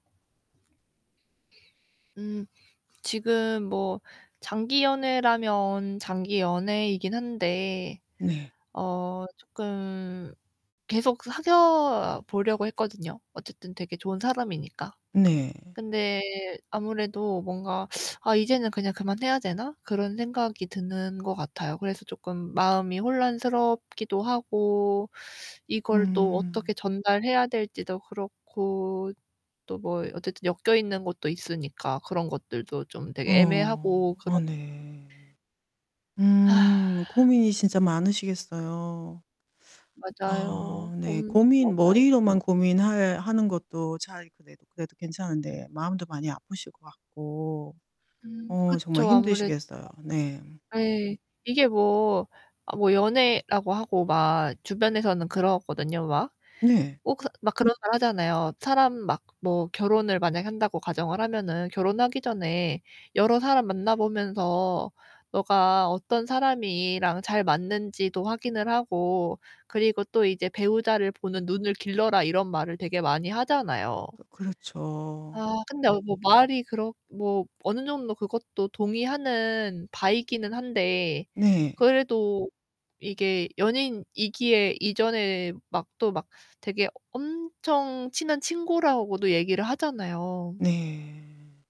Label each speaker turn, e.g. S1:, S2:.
S1: 음 지금 뭐 장기 연애라면 장기 연애이긴 한데
S2: 네.
S1: 어 쪼끔 계속 사귀어 보려고 했거든요. 어쨌든 되게 좋은 사람이니까.
S2: 네.
S1: 근데 아무래도 뭔가 '아, 이제는 그냥 그만 해야 되나?' 그런 생각이 드는 것 같아요. 그래서 조금 마음이 혼란스럽기도 하고 이걸 또 어떻게
S2: 음.
S1: 전달해야 될지도 그렇고. 또 뭐 어쨌든 엮여있는 것도 있으니까 그런 것들도 좀 되게
S2: 어,
S1: 애매하고
S2: 아
S1: 그렇
S2: 네. 음 고민이 진짜 많으시겠어요.
S1: 맞아요.
S2: 아 네.
S1: 고민이 좀
S2: 고민
S1: 맞아요 지금.
S2: 머리로만 고민할 하는 것도 차라리 그래도 그래도 괜찮은데 마음도 많이 아프실 것 같고
S1: 음
S2: 어 정말
S1: 그쵸. 아무래도
S2: 힘드시겠어요. 네.
S1: 네, 이게 뭐 어 뭐 연애라고 하고 막 주변에서는 그러거든요. 막.
S2: 네.
S1: 뭐 그래서 막 그런 말 하잖아요. 사람 막 뭐 결혼을 만약에 한다고 가정을 하면은 "결혼하기 전에 여러 사람 만나 보면서 너가 어떤 사람이랑 잘 맞는지도 확인을 하고 그리고 또 이제 배우자를 보는 눈을 길러라." 이런 말을 되게 많이 하잖아요.
S2: 또 그렇죠.
S1: 아, 근데 말이 뭐 어느 정도 그것도 동의하는 바이기는 한데
S2: 네.
S1: 그래도 이게 연인이기에 이전에 막 또 막 되게 엄청 친한 친구라고도 얘기를 하잖아요.
S2: 네.